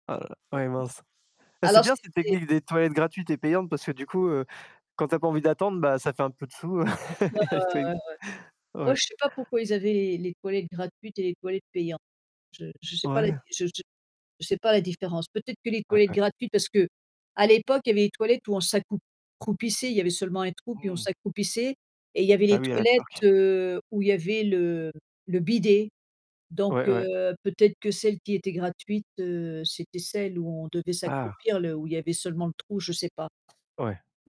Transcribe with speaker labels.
Speaker 1: Ah là là! Ouais, mince! Eh, c'est
Speaker 2: Alors,
Speaker 1: bien cette
Speaker 2: c'était
Speaker 1: technique des toilettes gratuites et payantes, parce que du coup, heu, quand tu as pas envie d'attendre, bah, ça fait un peu de sous, heu,
Speaker 2: Ouais, ouais, ouais, ouais, ouais.
Speaker 1: Il y a les toilettes g
Speaker 2: Moi,
Speaker 1: ouais.
Speaker 2: je sais pas pourquoi ils avaient les les toilettes gratuites et les toilettes payantes. Je je sais pas la di
Speaker 1: Ouais!
Speaker 2: je je je sais pas la différence, peut-être que les
Speaker 1: Ouais,
Speaker 2: toilettes
Speaker 1: ouais.
Speaker 2: gratuites parce qu'à l'époque il y avait les toilettes où on s'accrou croupissait, il y avait seulement un trou puis on
Speaker 1: Mmh.
Speaker 2: s'accroupissait et il y avait
Speaker 1: Ah
Speaker 2: les
Speaker 1: oui, à la
Speaker 2: toilettes,
Speaker 1: turque.
Speaker 2: heu, où il y avait le le bidet, donc
Speaker 1: Ouais, ouais.
Speaker 2: heu, peut-être que celles qui était gratuites, heu, c'était celles où on devait
Speaker 1: Ah!
Speaker 2: s'accroupir là où il y avait seulement le trou, je sais pas.
Speaker 1: Ouais.